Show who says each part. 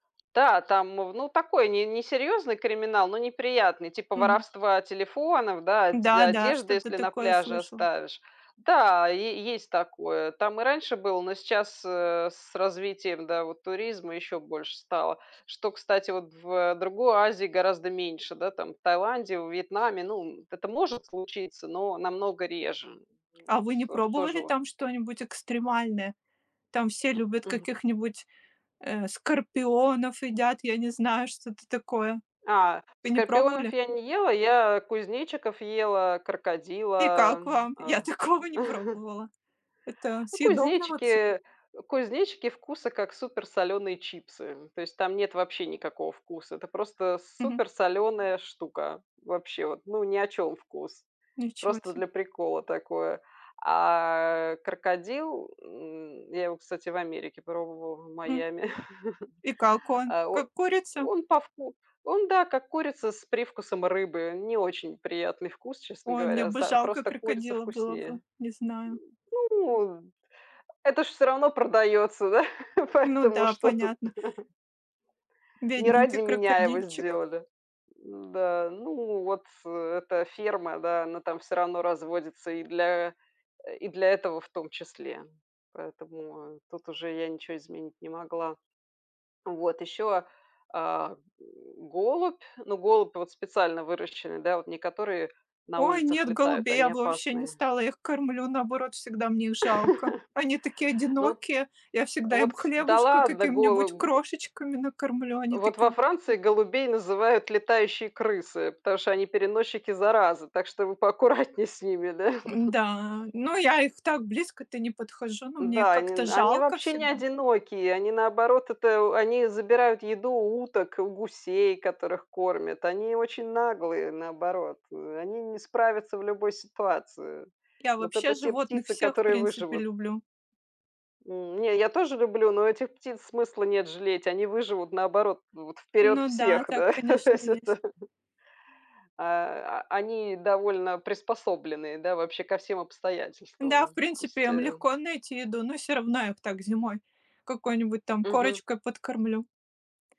Speaker 1: Да, там в ну такой не несерьезный криминал, но неприятный, типа
Speaker 2: Мгм.
Speaker 1: воровства телефонов, да, одь
Speaker 2: Да-да,
Speaker 1: одежды,
Speaker 2: что-то
Speaker 1: если на
Speaker 2: такое
Speaker 1: пляже
Speaker 2: слышала.
Speaker 1: оставишь. Да, е есть такое, там и раньше было, но сейчас, э, с развитием, да, вот туризма еще больше стало, что, кстати, вот в другой Азии гораздо меньше, да, там, в Таиланде, во Вьетнаме. Ну, м, это может случиться, но намного реже.
Speaker 2: А
Speaker 1: Вот
Speaker 2: вы не
Speaker 1: всё ж тоже
Speaker 2: пробовали
Speaker 1: вот
Speaker 2: там что-нибудь экстремальное? Там все любят
Speaker 1: Мгм.
Speaker 2: каких-нибудь э, скорпионов едят, я не знаю, что-то такое.
Speaker 1: А,
Speaker 2: Вы не
Speaker 1: скорпионов
Speaker 2: пробовали?
Speaker 1: я не ела. Я кузнечиков ела,
Speaker 2: И
Speaker 1: крокодила,
Speaker 2: как вам?
Speaker 1: а
Speaker 2: Я такого не пробовала. Это
Speaker 1: Ну,
Speaker 2: съедобно вообще?
Speaker 1: кузнечики кузнечики вкуса как супер соленые чипсы, м. То есть, там нет вообще никакого вкуса. Это просто
Speaker 2: Мгм.
Speaker 1: супер соленая штука. Вообще, вот, ну ни о чем вкус.
Speaker 2: Ничего
Speaker 1: Просто
Speaker 2: се.
Speaker 1: для прикола такое. А крокодил, м, я его, кстати, в Америке пробовала, в
Speaker 2: Хм.
Speaker 1: Майами.
Speaker 2: И как он?
Speaker 1: А, о
Speaker 2: Как курица?
Speaker 1: он по вку он да, как курица с привкусом рыбы. Не очень приятный вкус, честно
Speaker 2: Ой, мне
Speaker 1: говоря,
Speaker 2: бы
Speaker 1: за
Speaker 2: жалко
Speaker 1: просто курица
Speaker 2: крокодила было бы,
Speaker 1: вкуснее.
Speaker 2: не знаю.
Speaker 1: Ну это ж всё равно продается да,
Speaker 2: Ну
Speaker 1: поэтому
Speaker 2: да,
Speaker 1: что тут?
Speaker 2: понятно.
Speaker 1: Не
Speaker 2: Бедненький
Speaker 1: ради меня его
Speaker 2: крокодильчик.
Speaker 1: сделали, да. Ну вот эта ферма, да, она там всё равно разводится и для и для этого, в том числе. Поэтому, а, тут уже я ничего изменить не могла. Вот еще, а, а, голубь. Ну, голубь вот специально выращенный, да, вот не которые на
Speaker 2: Ой,
Speaker 1: улицах
Speaker 2: нет,
Speaker 1: летают,
Speaker 2: голубей я
Speaker 1: они
Speaker 2: бы вообще не
Speaker 1: опасные.
Speaker 2: стала, я их кормлю, наоборот, всегда мне их жалко. Они такие
Speaker 1: Ну вот
Speaker 2: одинокие, я всегда им
Speaker 1: Вот, кста Да,
Speaker 2: хлебушка,
Speaker 1: ладно
Speaker 2: каким-нибудь
Speaker 1: голого
Speaker 2: крошечками накормлю, они
Speaker 1: Вот во
Speaker 2: такие
Speaker 1: Франции голубей называют "летающие крысы", потому что они переносчики заразы, так что вы поаккуратнее с ними, да.
Speaker 2: Н-да, ну я их так близко-то не подхожу, ну мне их
Speaker 1: Да,
Speaker 2: как-то
Speaker 1: они они
Speaker 2: жалко
Speaker 1: вообще не
Speaker 2: всегда.
Speaker 1: одинокие. Они, наоборот, это у они забирают еду у уток, у гусей, которых кормят. Они очень наглые, наоборот. Они не справятся в любой ситуации.
Speaker 2: Я
Speaker 1: Вот
Speaker 2: вообще
Speaker 1: это те
Speaker 2: животных
Speaker 1: птицы,
Speaker 2: всех, в
Speaker 1: которые
Speaker 2: принципе,
Speaker 1: выживут.
Speaker 2: люблю.
Speaker 1: М, не, я тоже люблю, но у этих птиц смысла нет жалеть. Они выживут наоборот вот вперед
Speaker 2: Ну да,
Speaker 1: всех.
Speaker 2: так,
Speaker 1: Да,
Speaker 2: конечно,
Speaker 1: всё
Speaker 2: есть.
Speaker 1: то Э, они довольно приспособленные, да, вообще ко всем
Speaker 2: Да, в
Speaker 1: обстоятельствам. То
Speaker 2: принципе,
Speaker 1: есть
Speaker 2: им
Speaker 1: э
Speaker 2: легко найти еду, но всё равно, я так зимой какой-нибудь там
Speaker 1: Мгм.
Speaker 2: корочкой подкормлю.